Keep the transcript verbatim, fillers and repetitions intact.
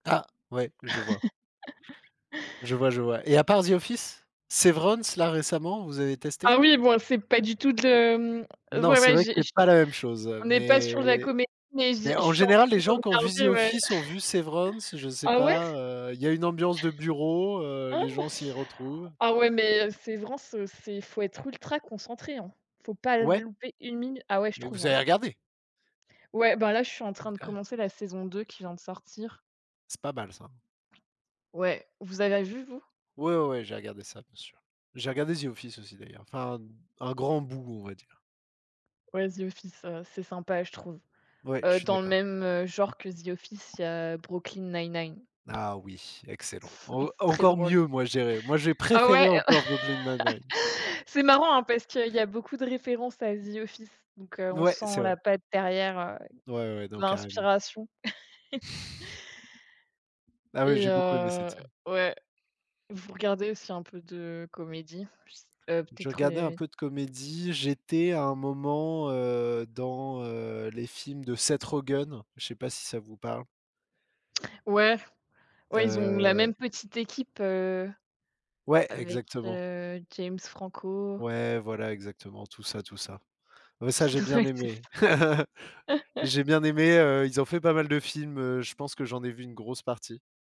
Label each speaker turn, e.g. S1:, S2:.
S1: Ah, ouais, je vois. Je vois, je vois. Et à part The Office? Severance, là récemment, vous avez testé?
S2: Ah oui, bon et c'est pas du tout de hem,
S1: Non,
S2: ouais,
S1: c'est
S2: ouais
S1: vrai que
S2: j'ai
S1: c'est pas
S2: j'ai
S1: la même chose, heu,
S2: on n'est pas sur de la
S1: mais
S2: comédie, mais je
S1: mais
S2: je
S1: en
S2: suis en
S1: général les
S2: train
S1: gens
S2: de
S1: qui ont vu The
S2: regarder, ouais.
S1: Office, ont vu Severance, je sais
S2: Ah ouais?
S1: pas, heu, il y a une ambiance de bureau, heu, les
S2: Oh!
S1: gens s'y retrouvent.
S2: Ah ouais mais heu, Severance, heu, c'est faut être ultra concentré, hein, faut pas
S1: Ouais.
S2: louper une minute. Ah ouais, je
S1: Mais
S2: trouve,
S1: vous
S2: hein.
S1: avez regardé?
S2: Ouais, bah là je suis en train de
S1: OK.
S2: commencer la saison deux qui vient de sortir.
S1: C'est pas mal ça.
S2: Ouais, vous ava vu vous?
S1: Ouais, ouais, ouais, j'ai regardé ça, bien sûr. J'ai regardé The Office aussi d'ailleurs, enfin un grand bout on va dire.
S2: Ouais The Office, heu, c'est sympa, je trouve.
S1: Ouais, je
S2: Heu,
S1: suis
S2: dans le
S1: d'accord.
S2: même genre que the Office il y a Brooklyn 99.
S1: Ah oui, excellent. En
S2: Très
S1: encore
S2: drôle.
S1: mieux moi je dirai! Moi je vais
S2: Ah
S1: préférer
S2: ouais!
S1: encore Brooklyn 99.
S2: C'est marrant, hein, parce qu'il y a beaucoup de références à The Office, donc heu,
S1: N
S2: on
S1: ouais c'est
S2: sent
S1: vrai.
S2: la patte derrière, heu,
S1: Ouais, ouais, ouais. Non carrément.
S2: l'inspiration.
S1: Ah oui,
S2: Et
S1: j'ai beaucoup aimé cette
S2: heu,
S1: série.
S2: ouais. Vous regardez aussi un peu de comédies? P s heu,
S1: Je
S2: peut-être
S1: regardais un
S2: heu
S1: peu de comédie, j'étais à un moment, heu, dans heu, les films de Seth Rogen, je sais pas si ça vous parle?
S2: Ouais. Ouais ils ont la
S1: Heu
S2: même petite équipe, heu,
S1: Ouais,
S2: avec
S1: exactement.
S2: heu, James Franco.
S1: Ouais, voilà exactement, tout ça, tout ça. Ouais ça
S2: Tous
S1: j'ai
S2: s
S1: bien
S2: ouais, c'est
S1: aimé.
S2: ça.
S1: J'ai bien aimé, heu, ils ont fait pas mal de films, heu, je pense que j'en ai vu une grosse partie.